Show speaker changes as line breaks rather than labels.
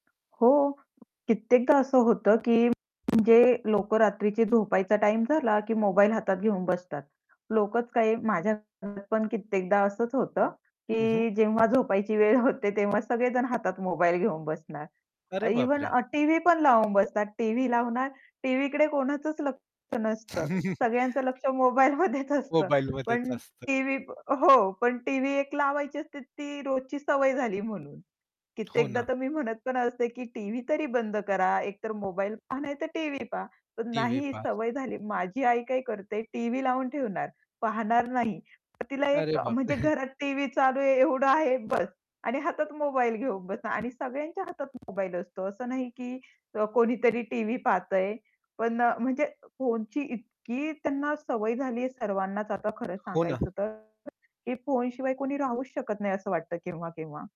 हो, कित्येकदा असं होतं की म्हणजे लोक रात्रीची झोपायचा टाईम झाला की मोबाईल हातात घेऊन बसतात. लोकच काय माझ्या हातामध्ये पण कित्येकदा असच होतं,
हं, हं.
की जेव्हा झोपायची वेळ होते, तेव्हा सगळेजण हातात मोबाईल घेऊन बसणार.
अरे
इव्हन
बापरे!
अ, टीव्ही पण लावून बसतात. टीव्ही लावणार, टीव्हीकडे कोणाचच लक्ष नसतं, सगळ्यांचं लक्ष मोबाईलमध्येच असतं.
मोबाईलमध्येच
पण
असतं.
टीव्ही हो, पण टीव्ही एक लावायची असते ती रोजची सवय झाली म्हणून.
हो
कित्येकदा
ना.
तर मी म्हणत पण असते, की "टीव्ही तरी बंद करा एकतर मोबाईल पहा, नाही तर टीव्ही पहा." पण
टीव्ही
नाही,
पास.
सवय झाली. माझी आई काय करते टीव्ही लावून ठेवणार, पाहणार नाही पण तिला एक
अरे
अ,
बापरे!
म्हणजे घरात टीव्ही चालू आहे एवढं आहे बस आणि हातात मोबाईल घेऊन बसणार आणि सगळ्यांच्या हातात मोबाईल असतो असं नाही की अ, कोणीतरी टीव्ही पाहतंय पण अ, म्हणजे फोनची इतकी त्यांना सवय झालीये सर्वांनाच आता खरं
हो ना.
सांगायचं तर, की फोन शिवाय कोणी राहूच शकत नाही असं वाटतं केव्हा-केव्हा.